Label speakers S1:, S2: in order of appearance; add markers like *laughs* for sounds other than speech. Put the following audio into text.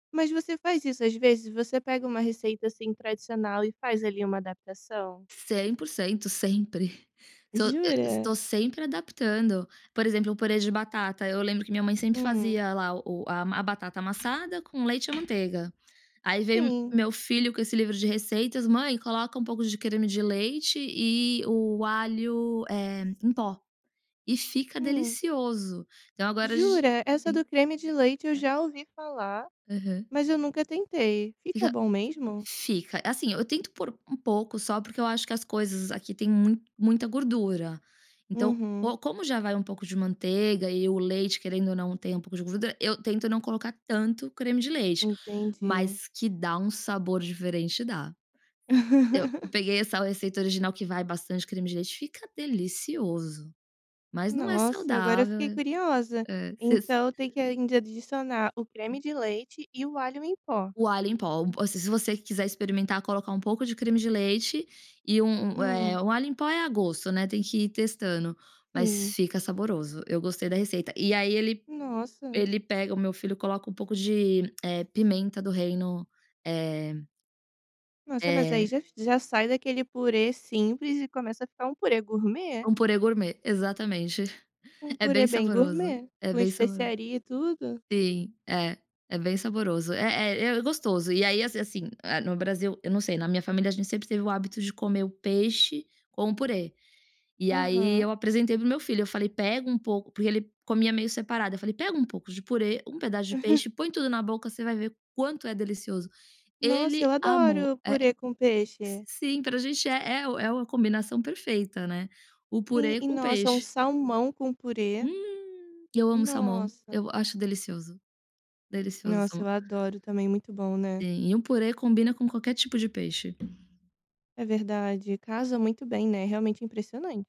S1: Mas você faz isso, às vezes, você pega uma receita, assim, tradicional e faz, ali, uma adaptação?
S2: 100% sempre, estou eh,
S1: Jura?
S2: estou sempre adaptando, por exemplo, o purê de batata, eu lembro que minha mãe sempre
S1: Hum.
S2: fazia lá o a batata amassada com leite e a manteiga. Aí vem me
S1: Sim.
S2: meu filho com esse livro de receitas: "Mãe, coloca um pouco de creme de leite e o alho, eh, em pó", e fica
S1: Hum.
S2: delicioso. Então agora a gen
S1: Jura? Essa
S2: sim
S1: do creme de leite eu
S2: é.
S1: já ouvi falar,
S2: Aham.
S1: mas eu nunca tentei. Fica
S2: Fic
S1: bom mesmo?
S2: fica, assim, eu tento pôr um pouco só, porque eu acho que as coisas aqui tem mu muita gordura, então,
S1: Uhum.
S2: co como já vai um pouco de manteiga e o leite, querendo ou não, tem um pouco de gordura, eu tento não colocar tanto creme de leite,
S1: Entendi.
S2: mas que dá um sabor diferente, dá. Eu
S1: *laughs*
S2: peguei essa receita original que vai bastante creme de leite, fica delicioso, mas não é
S1: Nossa, agora eu fiquei
S2: saudável,
S1: curiosa.
S2: eh, hã, s
S1: Então, tem que ainda adicionar o creme
S2: Sim.
S1: de leite e o alho em pó?
S2: O alho em pó, assim, se você quiser experimentar, colocar um pouco de creme de leite e u um
S1: Hum.
S2: eh, o alho em pó é a gosto, né, tem que ir testando, mas
S1: Sim.
S2: fica saboroso, eu gostei da receita. E aí ele
S1: Nossa.
S2: ele pega o meu filho coloca um pouco de, eh, pimenta do reino, eh
S1: Nossa, mas aí
S2: eh
S1: já já sai daquele purê simples e começa a ficar um purê gourmet.
S2: Um purê gourmet, exatamente,
S1: Um
S2: *chuckles* é bem
S1: purê bem
S2: saboroso,
S1: gourmet,
S2: é
S1: com
S2: bem saboroso.
S1: especiaria e tudo.
S2: Sim, é. É bem saboroso, é é é gostoso. E aí, assim assim, eh, no Brasil, eu não sei, na minha família a gente sempre teve o hábito de comer o peixe com o purê. E aí,
S1: Aham.
S2: eu apresentei para o meu filho, eu falei: "Pega um pouco", porque ele comia meio separado, eu falei: "Pega um pouco de purê, um pedaço de peixe,
S1: *chuckles*
S2: põe tudo na boca, você vai ver quanto é delicioso".
S1: Nossa,
S2: Ele
S1: eu
S2: amou,
S1: adoro
S2: eh
S1: purê com
S2: s
S1: peixe.
S2: sim, para gente é é é uma combinação perfeita, né, o
S1: Sim
S2: purê
S1: e
S2: com
S1: nossa, um
S2: peixe.
S1: salmão com purê.
S2: Hum! E eu amo salmão,
S1: Nossa.
S2: eu acho delicioso, delicioso o
S1: Nossa, eu
S2: salmão.
S1: adoro, também muito bom, né?
S2: Sim e um purê combina com qualquer tipo de peixe.
S1: É verdade, casa muito bem, né, realmente, é impressionante.